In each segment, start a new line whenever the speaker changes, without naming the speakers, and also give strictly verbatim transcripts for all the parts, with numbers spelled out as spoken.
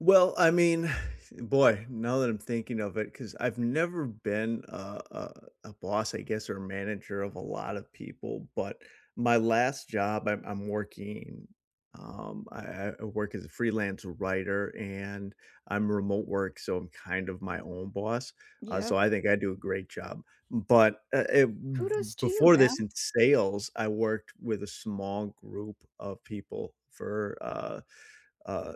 Well, I mean, boy, now that I'm thinking of it, 'cause I've never been a a a boss, I guess, or a manager of a lot of people, but my last job I'm I'm working, um I I I work as a freelance writer, and I'm remote work, so I'm, kind of, my own boss, uh,
Yep.
so I think I do a great job, but, uh, eh, b
Kudos to you
before this
man.
in sales, I worked with a small group of people for, uh uh,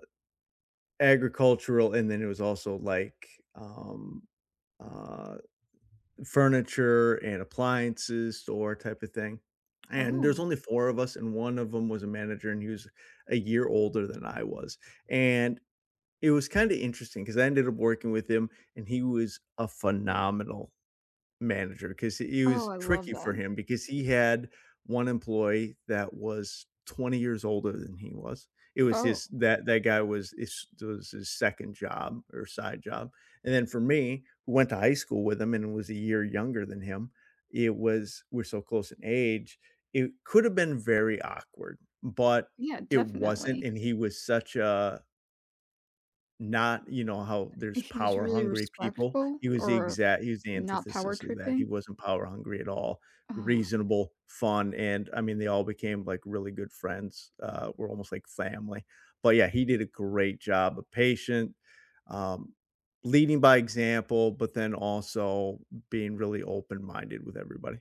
agricultural, and then it was also, like, um, uh, furniture and appliances or type of thing, and there's
Oh.
only four of us, and one of 'em was a manager, and he was a year older than I was, and it was, kinda, interesting 'cause I ended up working with him, and he was a phenomenal manager, 'cause he it
Oh,
was
I love
tricky for
that.
him, because he had one employee that was twenty years older than he was. It was
Oh.
his that that guy was is that was his second job or side job, and then for me, who went to high school with him and was a year younger than him, it was we're so close in age, it could have been very awkward, but
Yeah,
it wasn't,
definitely.
and he was such a not you know, how there's
He was
power
really
hungry people.
respectful
He was the
or
exact he was the
not power
antithesis of that, he
tripping?
wasn't power hungry at all,
Oh.
reasonable, fun, and I mean, they all became, like, really good friends, uh, we're almost, like, family but yeah, he did a great job, uh, patient, um, leading by example, but then also being really open-minded with everybody.